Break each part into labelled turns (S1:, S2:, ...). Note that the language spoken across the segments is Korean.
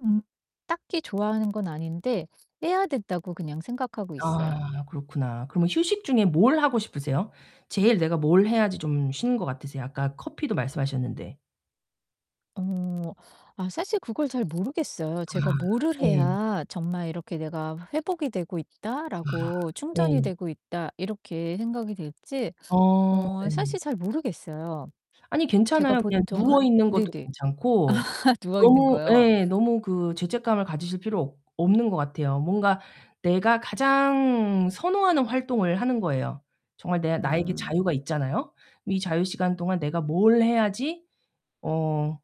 S1: 음 딱히 좋아하는 건 아닌데 '빼야 된다.'고 그냥 생각하고 있어요.
S2: 아 그렇구나. 그럼 휴식 중에 뭘 하고 싶으세요? 제일 내가 뭘 해야지 좀 쉬는 것 같으세요? 아까 커피도 말씀하셨는데.
S1: 어. 아 사실 그걸 잘 모르겠어요. 제가
S2: 아
S1: 뭐를
S2: 네.
S1: 해야 정말 이렇게 '내가 회복이 되고
S2: 아
S1: 있다.'라고 '충전이
S2: 네.
S1: 되고 있다.' 이렇게 생각이 될지
S2: 아
S1: 어
S2: 예.
S1: 사실 잘 모르겠어요.
S2: 아니
S1: 제가
S2: 괜찮아요. 그냥
S1: 보통은
S2: 누워있는 것도
S1: 네네.
S2: 괜찮고
S1: 누워 있는
S2: 너무
S1: 거요?
S2: 예. 너무 그 죄책감을 가지실 필요 없 없는 것 같아요. 뭔가 내가 가장 선호하는 활동을 하는 거예요. 정말 내 나에게
S1: 음.
S2: 자유가 있잖아요. '이 자유 시간 동안 내가 뭘 해야지 어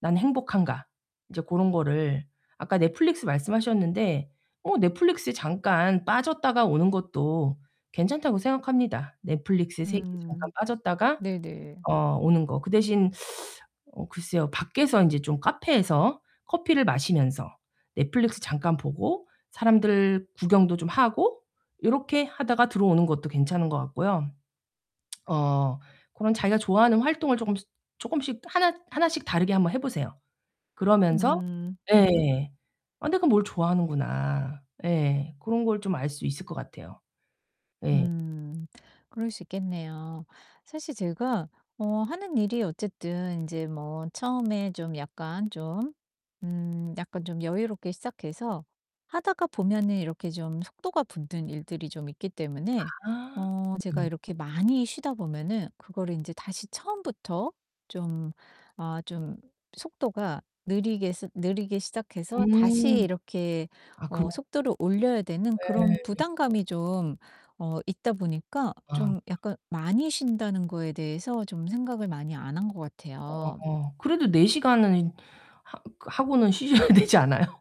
S2: 난 행복한가?' 이제 고런 거를 아까 넷플릭스 말씀하셨는데 어 넷플릭스에 잠깐 빠졌다가 오는 것도 괜찮다고 생각합니다. 넷플릭스 세계에 잠깐
S1: 음
S2: 빠졌다가
S1: 네네.
S2: 어 오는 거. 그 대신 어 글쎄요. 밖에서 인제 좀 카페에서 커피를 마시면서 넷플릭스 잠깐 보고 사람들 구경도 좀 하고 요렇게 하다가 들어오는 것도 괜찮은 것 같고요. 어 고런 자기가 좋아하는 활동을 쪼끔씩 쪼끔씩 하나 하나씩 다르게 한번 해 보세요. 그러면서
S1: 음 네.
S2: 예. '아 내가 뭘 좋아하는구나.' 예. 고런 걸 좀 알 수 있을 것 같아요. 예.
S1: 음. 그럴 수 있겠네요. 사실 제가 어 하는 일이 어쨌든 인제 뭐 처음에 좀 약간 좀 음 약간 좀 여유롭게 시작해서 하다가 보면은 이렇게 좀 속도가 붙는 일들이 좀 있기 때문에
S2: 아
S1: 어 제가
S2: 음.
S1: 이렇게 많이 쉬다 보면은 그거를 인제 다시 처음부터 좀 아 좀 속도가 느리게 스 느리게 시작해서 다시
S2: 음.
S1: 이렇게
S2: 아 그럼
S1: 어 속도를 올려야 되는 그런
S2: 예.
S1: 부담감이 좀 어 있다 보니까
S2: 아.
S1: 좀 약간 많이 쉰다는 거에 대해서 좀 생각을 많이 안 한 것 같아요.
S2: 어 그래도 4 시간은 인 하 하고는 쉬셔야 되지 않아요?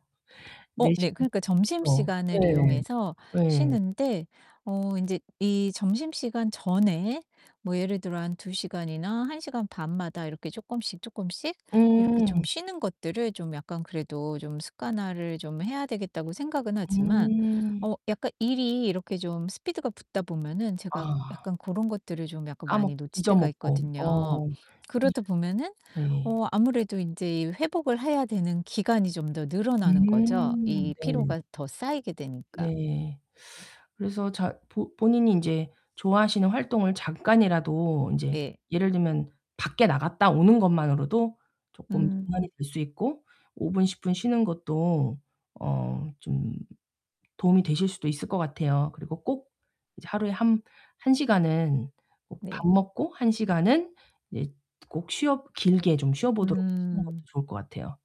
S1: 어
S2: 4
S1: 네.
S2: 시간
S1: 그러니까
S2: 좀
S1: 점심시간을 이용해서
S2: 예. 예.
S1: 쉬는데 어 인제 이 점심시간 전에 뭐 예를 들어 한 2 시간이나 1 시간 반마다 이렇게 쪼끔씩 쪼끔씩 이렇게 좀
S2: 음.
S1: 쉬는 것들을 좀 약간 그래도 좀 습관화를 좀 해야 되겠다고 생각은 하지만
S2: 음.
S1: 어 약간 일이 이렇게 좀 스피드가 붙다 보면은 제가
S2: 아.
S1: 약간 고런 것들을 좀 약간
S2: 까먹
S1: 많이 놓칠
S2: 잊어
S1: 때가
S2: 먹고.
S1: 있거든요.
S2: 어. 이
S1: 그러다 보면은
S2: 예.
S1: 어 아무래도 인제 이 회복을 해야 되는 기간이 좀 더 늘어나는 거죠,
S2: 음
S1: 이
S2: 네.
S1: 피로가 더 쌓이게 되니까.
S2: 네. 그래서 자 보 본인이 인제 좋아하시는 활동을 잠깐이라도 인제
S1: 네.
S2: 예를 들면 밖에 나갔다 오는 것만으로도 쪼끔 전환이
S1: 음.
S2: 될 수 있고 5 분, 10 분 쉬는 것도 어 좀 도움이 되실 수도 있을 것 같아요. 그리고 꼭 이제 하루에 한 한 시간은 밥
S1: 네.
S2: 먹고 1 시간은 이제 꼭 쉬어 길게 좀 쉬어 보도록 하시는 것도
S1: 음.
S2: 좋을 것 같아요.